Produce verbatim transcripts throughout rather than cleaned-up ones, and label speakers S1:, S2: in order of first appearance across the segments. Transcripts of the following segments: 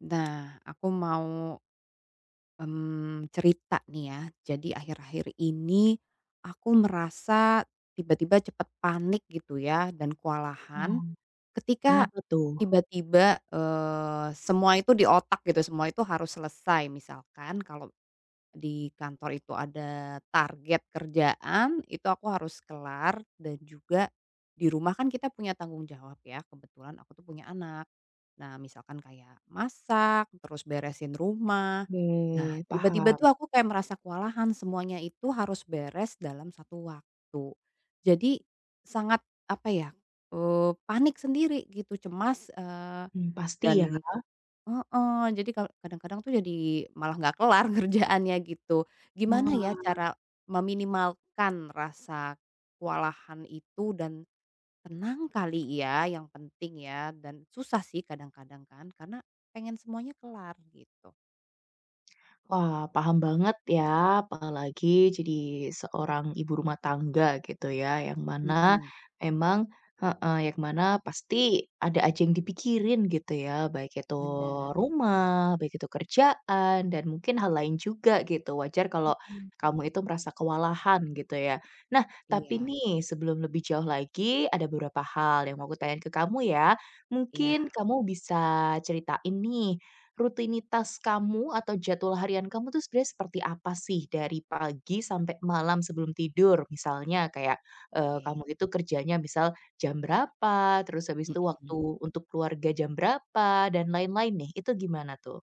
S1: Nah aku mau, mmm, cerita nih ya. Jadi akhir-akhir ini aku merasa tiba-tiba cepat panik gitu ya dan kewalahan,
S2: Oh.
S1: ketika
S2: Kenapa tuh?
S1: tiba-tiba, eee, semua itu di otak gitu semua itu harus selesai. Misalkan kalau di kantor itu ada target kerjaan itu aku harus kelar, dan juga di rumah kan kita punya tanggung jawab ya. Kebetulan aku tuh punya anak. Nah misalkan kayak masak terus beresin rumah. Nah
S2: Oke
S1: tiba-tiba
S2: paham.
S1: tuh aku kayak merasa kewalahan semuanya itu harus beres dalam satu waktu. Jadi sangat apa ya, eee, panik sendiri gitu cemas, eee,
S2: Hmm pasti ya.
S1: dan heeh, jadi ka kadang-kadang tuh jadi malah nggak kelar kerjaannya gitu. Gimana ya
S2: Wah.
S1: cara meminimalkan rasa kewalahan itu dan tenang kali ya, yang penting ya dan susah sih kadang-kadang kan, karena pengen semuanya kelar gitu.
S2: Wah, paham banget ya, apalagi jadi seorang ibu rumah tangga gitu ya. Yang mana,
S1: Mhm.
S2: emang heeh, yang mana pasti ada aja yang dipikirin gitu ya. Baik itu
S1: Benar.
S2: rumah, baik itu kerjaan, dan mungkin hal lain juga gitu. Wajar kalau
S1: Mhm.
S2: kamu itu merasa kewalahan, gitu ya. Nah, tapi
S1: Iya.
S2: nih, sebelum lebih jauh lagi, ada beberapa hal yang mau aku tanyain ke kamu ya.
S1: Iya.
S2: Mungkin kamu bisa ceritain nih, rutinitas kamu atau jadwal harian kamu tuh sebenarnya seperti apa sih? Dari pagi, sampai malam sebelum tidur. Misalnya kayak, eee,
S1: Oke.
S2: kamu itu kerjanya misal jam berapa, terus habis itu
S1: Hmm.
S2: waktu untuk keluarga jam berapa, dan lain-lain nih. Itu gimana tuh?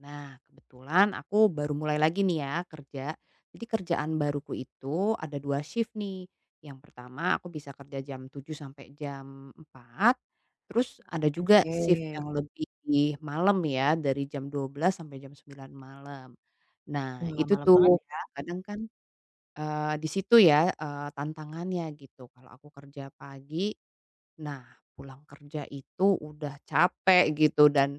S1: Nah, kebetulan aku baru mulai lagi nih ya kerja. Jadi kerjaan baruku itu ada dua sif nih. Yang pertama aku bisa kerja jam tujuh sampai jam empat. Terus ada juga sif yang
S2: Oke.
S1: lebih malam ya, dari jam dua belas sampai jam sembilan malam. Nah
S2: Wah,
S1: itu
S2: malam banget
S1: tuh
S2: ya.
S1: kadang-kadang kan, eee, di situ ya, eee, tantangannya gitu. Kalau aku kerja pagi, nah pulang kerja itu udah capek gitu dan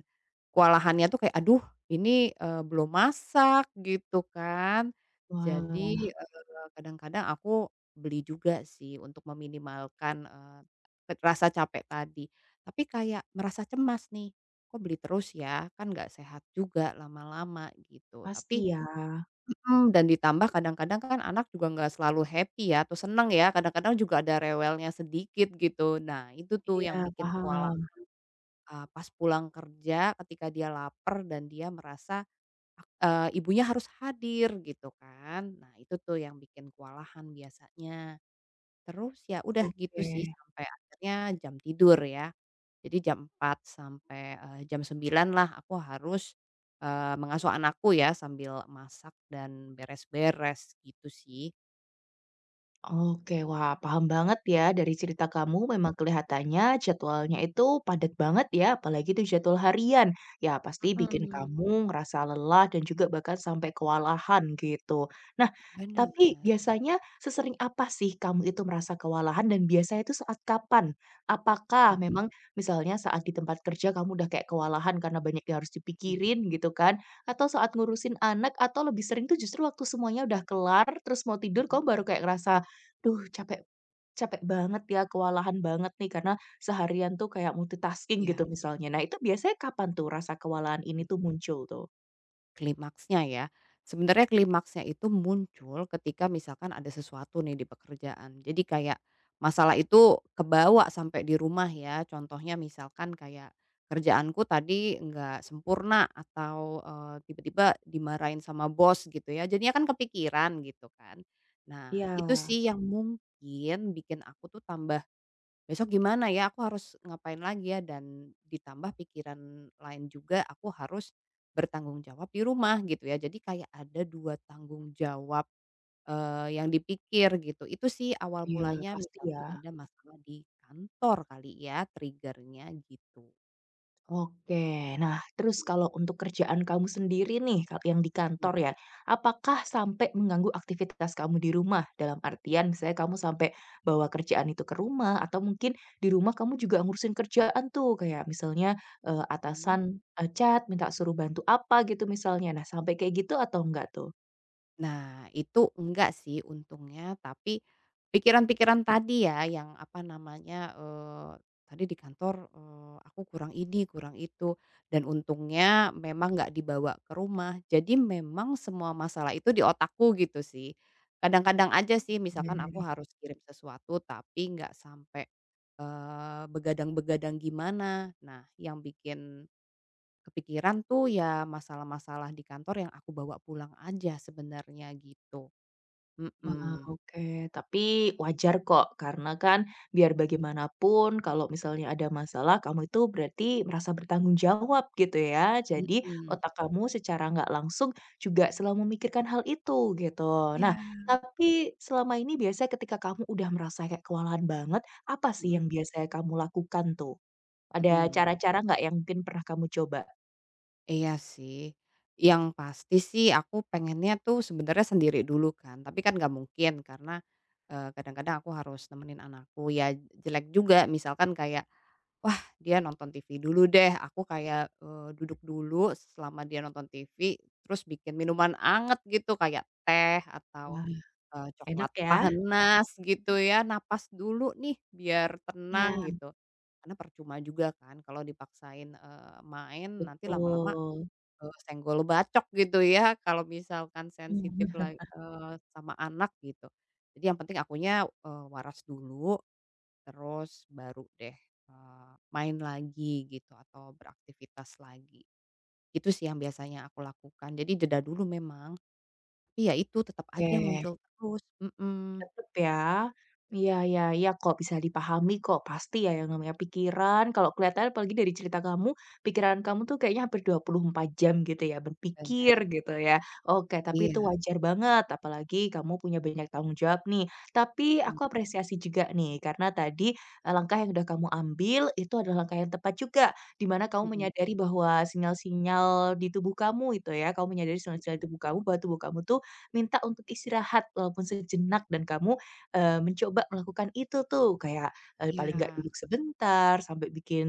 S1: kewalahannya tuh kayak, "Aduh ini, eee, belum masak," gitu kan. Jadi,
S2: Wah.
S1: eee, kadang-kadang aku beli juga sih untuk meminimalkan, eee, pet rasa capek tadi. Tapi kayak merasa cemas nih, kok beli terus ya, kan gak sehat juga lama-lama gitu. Tapi
S2: Pasti ya.
S1: hmm, dan ditambah kadang-kadang kan anak juga gak selalu happy ya atau senang ya, kadang-kadang juga ada rewelnya sedikit gitu. Nah itu tuh yang
S2: Iya,
S1: bikin kewalahan,
S2: paham.
S1: eee, pas pulang kerja, ketika dia laper dan dia merasa, ak eee, ibunya harus hadir, gitu kan. Nah itu tuh yang bikin kewalahan biasanya. Terus ya udah gitu sih
S2: Oke.
S1: sampai akhirnya jam tidur ya. Jadi jam empat sampai, eee, jam sembilan lah aku harus, eee, mengasuh anakku ya sambil masak dan beres-beres gitu sih.
S2: Oke, wah paham banget ya, dari cerita kamu memang kelihatannya jadwalnya itu padat banget ya, apalagi itu jadwal harian, ya pasti bikin
S1: Mhm.
S2: kamu ngerasa lelah dan juga bahkan sampai kewalahan gitu. Nah,
S1: Be benar.
S2: tapi biasanya sesering apa sih kamu itu merasa kewalahan dan biasanya itu saat kapan? Apakah
S1: Hmm.
S2: memang misalnya saat di tempat kerja kamu udah kayak kewalahan karena banyak yang harus
S1: Mhm.
S2: dipikirin gitu kan, atau saat ngurusin anak, atau lebih sering tuh justru waktu semuanya udah kelar terus mau tidur
S1: Mhm.
S2: kamu baru kayak ngerasa, "Duh capek capek banget ya, kewalahan banget nih karena seharian tuh kayak multitasking," gitu
S1: Iya.
S2: misalnya. Nah, itu biasanya kapan tuh rasa kewalahan
S1: Hmm.
S2: ini tuh muncul tuh?
S1: Klimaksnya ya. Sebenarnya klimaksnya itu muncul ketika misalkan ada sesuatu nih di pekerjaan. Jadi kayak, masalah itu kebawa sampai di rumah ya, contohnya misalkan kayak kerjaanku tadi enggak sempurna atau, eee, tiba-tiba dimarahin sama bos gitu ya, jadinya kan kepikiran gitu kan. Nah, itu
S2: Iya.
S1: sih yang mungkin bikin aku tuh tambah, "Besok gimana ya? Aku harus ngapain lagi ya?" Dan ditambah pikiran lain juga aku harus bertanggung jawab di rumah, gitu ya. Jadi kayak ada dua tanggung jawab, eee, yang dipikir gitu. Itu sih awal
S2: Iya,
S1: mulanya
S2: pasti ya.
S1: misalkan ada masalah di kantor kali ya, trigger-nya gitu.
S2: Oke, nah terus kalau untuk kerjaan kamu sendiri nih kalau yang di
S1: Hmm.
S2: kantor ya. Apakah sampai mengganggu aktivitas kamu di rumah dalam artian misalnya kamu sampai bawa kerjaan itu ke rumah atau mungkin di rumah kamu juga ngurusin kerjaan, tuh, kayak misalnya, eee,
S1: Hmm.
S2: atasan, eee, chat minta suruh bantu apa gitu misalnya. Nah sampai kayak gitu atau nggak, tuh?
S1: Nah itu nggak, sih, untungnya. Tapi, pikiran-pikiran tadi, ya, yang apa namanya, eee, tadi di kantor, eee, aku kurang ini kurang itu, dan untungnya memang nggak dibawa ke rumah. Jadi memang semua masalah itu di otakku gitu, sih. Kadang-kadang aja, sih,
S2: Iya,
S1: misalkan aku
S2: lagi.
S1: harus kirim sesuatu tapi nggak sampai, eee, begadang-begadang gimana. Nah yang bikin kepikiran tuh, ya, masalah-masalah di kantor yang aku bawa pulang aja sebenarnya gitu.
S2: Wah,
S1: Hmm.
S2: oke tapi wajar kok karena, kan, biar bagaimanapun kalau misalnya ada masalah kamu itu berarti merasa bertanggung jawab gitu, ya. Jadi
S1: Hmm.
S2: otak kamu secara nggak langsung juga selalu memikirkan hal itu gitu. Nah
S1: Iya.
S2: tapi selama ini biasanya ketika kamu udah merasa kayak kewalahan banget, apa sih
S1: Hmm.
S2: yang biasanya kamu lakukan, tuh? Ada
S1: Hmm.
S2: cara-cara nggak yang mungkin pernah kamu coba?
S1: Iya sih, yang pasti sih aku pengennya tuh sebenarnya sendiri dulu kan, tapi kan nggak mungkin karena, eee, kadang-kadang aku harus nemenin anakku, ya jelek juga misalkan kayak, wah dia nonton TV dulu deh aku kayak, eee, duduk dulu selama dia nonton TV terus bikin minuman hangat gitu, kayak teh atau,
S2: Wah,
S1: eee, coklat
S2: enak ya? Huh.
S1: panas gitu ya napas dulu nih biar
S2: Iya.
S1: tenang gitu, karena percuma juga kan kalau dipaksain, eee, main nanti lama-lama,
S2: Betul.
S1: eee, senggol bacok gitu ya kalau misalkan
S2: Mmm.
S1: sensitif la eee, sama anak gitu. Jadi yang penting akunya, eee, waras dulu, terus baru deh, eee, main lagi gitu atau beraktivitas lagi. Itu sih yang biasanya aku lakukan. Jadi jeda dulu memang, iya itu tetap aja
S2: Oke.
S1: muncul terus. Hmm.
S2: Tetep ya. Iya iya iya kok bisa dipahami kok pasti ya yang namanya pikiran. Kalau kelihatan apalagi dari cerita kamu, pikiran kamu tuh kayaknya hampir dua puluh empat jam gitu ya
S1: Bener.
S2: berpikir gitu ya. Oke, tapi itu
S1: Iya.
S2: wajar banget apalagi kamu punya banyak tanggung jawab nih. Tapi
S1: Hmm.
S2: aku apresiasi juga nih karena tadi, eee, langkah yang udah kamu ambil itu adalah langkah yang tepat juga, di mana kamu
S1: Hmm.
S2: menyadari bahwa sinyal-sinyal di tubuh kamu itu ya, kamu menyadari sinyal-sinyal
S1: Hmm.
S2: di tubuh kamu bahwa tubuh kamu tuh minta untuk istirahat walaupun sejenak dan kamu, eee, mencoba melakukan itu tuh kayak, eee, paling gak
S1: Iya.
S2: duduk sebentar sampai bikin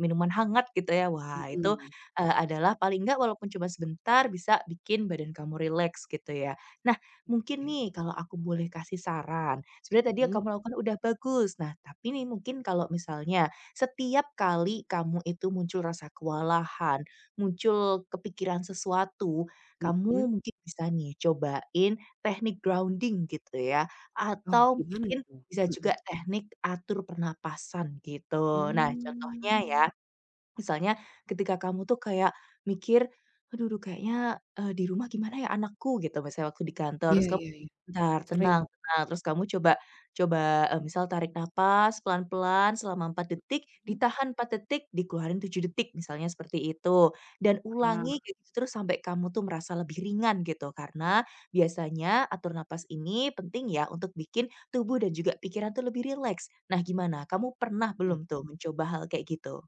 S2: minuman hangat gitu ya. Wah itu,
S1: Hmm.
S2: eee, adalah paling gak walaupun cuma sebentar bisa bikin badan kamu rileks gitu ya. Nah, mungkin
S1: Oke.
S2: nih kalau aku boleh kasih saran, sebenarnya tadi yang
S1: Hmm.
S2: kamu lakukan udah bagus. Nah, tapi nih mungkin kalau misalnya, setiap kali kamu itu muncul rasa kewalahan, muncul kepikiran sesuatu,
S1: Hmm.
S2: kamu mungkin bisa nih cobain teknik grounding gitu ya,
S1: Oh,
S2: atau
S1: gimana
S2: mungkin
S1: itu?
S2: bisa juga
S1: Hmm.
S2: teknik atur pernapasan gitu. Nah, contohnya ya,
S1: Hmm.
S2: misalnya ketika kamu tuh kayak mikir, "Aduh duh kayaknya," eee, "di rumah gimana ya anakku?" Gitu misalnya waktu di kantor,
S1: Iya
S2: terus kamu,
S1: iya iya,
S2: "Bentar
S1: sering.
S2: tenang tenang." Terus kamu coba coba, eee, misal tarik napas pelan-pelan selama empat detik,
S1: Hmm.
S2: ditahan empat detik, dikeluarin tujuh detik misalnya seperti itu dan
S1: Heeh.
S2: ulangi gitu terus sampai kamu tuh merasa lebih ringan gitu. Karena biasanya atur napas ini penting ya untuk bikin tubuh dan juga pikiran tuh lebih rileks. Nah, gimana kamu pernah
S1: Mmm.
S2: belum tuh mencoba hal kayak gitu?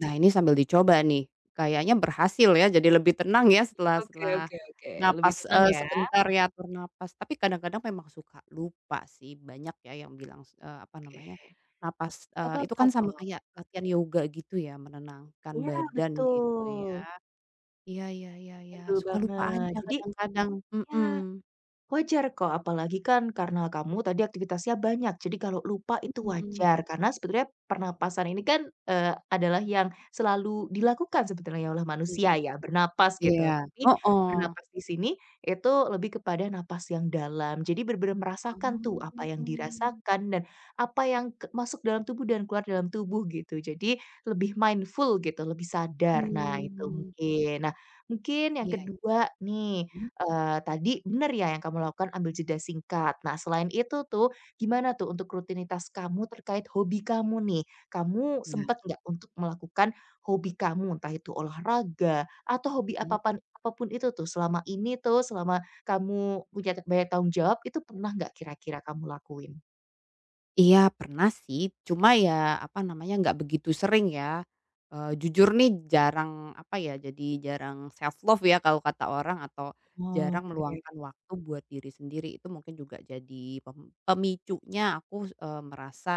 S1: Nah ini sambil dicoba nih, kayaknya berhasil ya jadi lebih tenang ya setelah
S2: Oke
S1: setelah
S2: oke oke. Lebih
S1: napas,
S2: tenang
S1: eee,
S2: ya?
S1: sebentar ya atur napas. Tapi kadang-kadang memang suka lupa sih, banyak ya yang bilang s eee, apa
S2: Oke.
S1: namanya, napas,
S2: Nggak
S1: eee, itu
S2: apa-apa
S1: kan sama
S2: kok.
S1: kayak latihan yoga gitu ya, menenangkan
S2: Iya,
S1: badan gitu ya.
S2: betul.
S1: Iya iya iya iya
S2: Betul
S1: suka lupa
S2: banget.
S1: aja
S2: Jadi,
S1: kadang-kadang.
S2: ya,
S1: Mhm.
S2: wajar kok apalagi kan karena kamu tadi aktivitasnya banyak. Jadi kalau lupa itu
S1: Mhm.
S2: wajar. karena sebenarnya pernapasan ini kan, eee, adalah yang selalu dilakukan sebetulnya oleh manusia ya,
S1: [unintelligible]
S2: bernapas gitu.
S1: Iya,
S2: Tapi
S1: heeh.
S2: bernapas di sini itu lebih kepada napas yang dalam. Jadi, benar-benar merasakan tuh, apa yang
S1: Oh.
S2: dirasakan, dan apa yang ke masuk dalam tubuh dan keluar dalam tubuh gitu. Jadi, lebih mindful gitu, lebih sadar. Nah, itu
S1: Mmm.
S2: mungkin. Nah, mungkin yang
S1: Iya.
S2: kedua nih,
S1: Mhm.
S2: eee, tadi, benar ya yang kamu lakukan ambil jeda singkat. Nah, selain itu tuh, gimana tuh untuk rutinitas kamu terkait hobi kamu nih? Kamu
S1: Nah.
S2: sempat nggak untuk melakukan hobi kamu? Entah itu olahraga, atau hobi
S1: Hmm.
S2: apapan apa pun itu tuh selama ini tuh, selama kamu punya ta banyak tanggung jawab, itu pernah nggak kira-kira kamu lakuin?
S1: Iya, pernah sih, cuma ya apa namanya, nggak begitu sering ya. Eee, jujur nih jarang apa ya, jadi jarang self-love ya, kalau kata orang atau, jarang
S2: Oke.
S1: meluangkan waktu buat diri sendiri itu mungkin juga jadi pem pemicunya aku s eee, merasa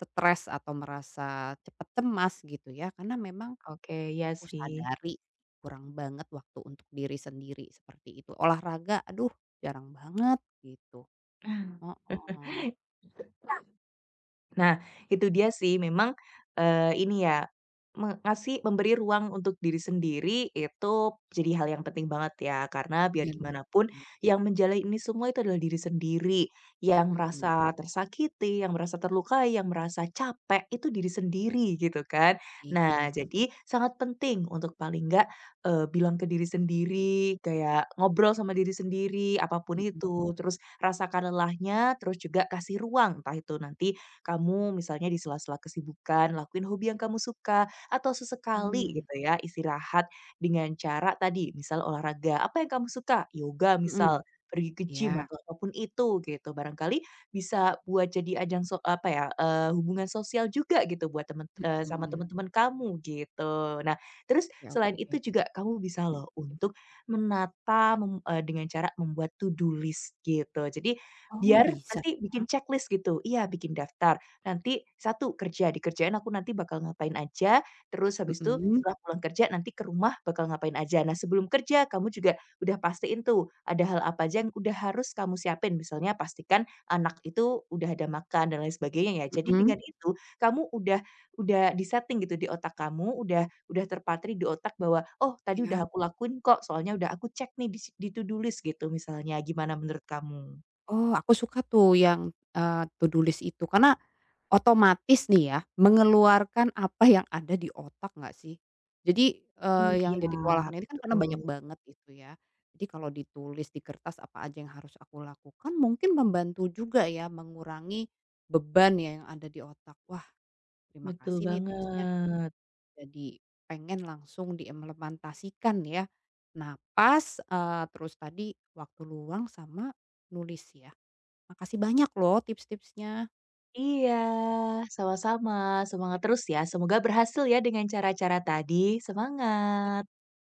S1: stres atau merasa cepat cemas gitu ya karena memang,
S2: Oke, iya
S1: aku
S2: sih.
S1: sadari kurang banget waktu untuk diri sendiri seperti itu. Olahraga, aduh jarang banget gitu.
S2: Nah,
S1: Heeh.
S2: [unintelligible] Nah, itu dia sih memang, eee, ini ya me ngasih memberi ruang untuk diri sendiri itu p jadi hal yang penting banget ya. Karena biar
S1: Bener,
S2: gimana pun
S1: sih.
S2: yang menjalani ini semua itu adalah diri sendiri, yang
S1: Mhm.
S2: merasa tersakiti, yang merasa terlukai, yang merasa capek itu diri sendiri gitu kan.
S1: Ih, gak
S2: Nah,
S1: su
S2: jadi sangat penting untuk paling nggak, eee, bilang ke diri sendiri kayak ngobrol sama diri sendiri apa pun
S1: Hmm,
S2: itu.
S1: mmm.
S2: Terus rasakan lelahnya, terus juga kasih ruang entah itu nanti kamu misalnya di sela-sela kesibukan lakuin hobi yang kamu suka atau sesekali
S1: Mmm.
S2: gitu ya istirahat dengan cara tadi misal olahraga. Apa yang kamu suka? Yoga
S1: Hmm.
S2: misal, pergi ke gym
S1: Iya.
S2: atau apa pun itu gitu. Barangkali bisa buat jadi ajang sok apa ya, eee, hubungan sosial juga gitu buat temen eee, sama
S1: Hmm.
S2: teman-teman kamu gitu. Nah, terus
S1: Ya
S2: selain itu
S1: oke,
S2: juga kamu bisa
S1: hmm,
S2: loh
S1: gimana?
S2: untuk menata, mem eee, dengan cara membuat to-do list gitu. Jadi,
S1: Oh,
S2: biar
S1: bisa
S2: nanti bikin
S1: ya?
S2: ceklis gitu, iya bikin daftar nanti satu kerja, di kerjaan aku nanti bakal ngapain aja, terus habis itu
S1: Mhm.
S2: setelah pulang kerja nanti ke rumah bakal ngapain aja. Nah, sebelum kerja kamu juga udah pastiin tuh ada hal apa aja yang udah harus kamu siapin. Misalnya pastikan anak itu udah ada makan dan lain sebagainya ya. Jadi,
S1: Mhm.
S2: dengan itu kamu udah udah di-seting gitu di otak kamu, udah udah terpatri di otak bahwa, "Oh tadi
S1: Iya.
S2: udah aku lakuin kok soalnya udah aku cek nih s di to-do list." Gitu misalnya. Gimana menurut kamu?
S1: Oh aku suka tuh yang, eee, to-do list itu karena, otomatis nih ya mengeluarkan apa yang ada di otak nggak sih? Jadi, eee,
S2: Oh
S1: yang
S2: iya,
S1: jadi kewalahan ini kan karena banyak
S2: betul.
S1: banget itu ya. Jadi kalau ditulis di kertas apa aja yang harus aku lakukan mungkin membantu juga ya mengurangi beban ya yang ada di otak. Wah, terima
S2: Betul
S1: kasih nih tipsnya.
S2: banget.
S1: Jadi pengen langsung diemlementasikan ya. Nah, pas, eee, terus tadi waktu luang sama nulis ya. Makasih banyak loh tips-tipsnya.
S2: Iya sama-sama. Semangat terus ya. Semoga berhasil ya dengan cara-cara tadi.
S1: Iya.
S2: Semangat.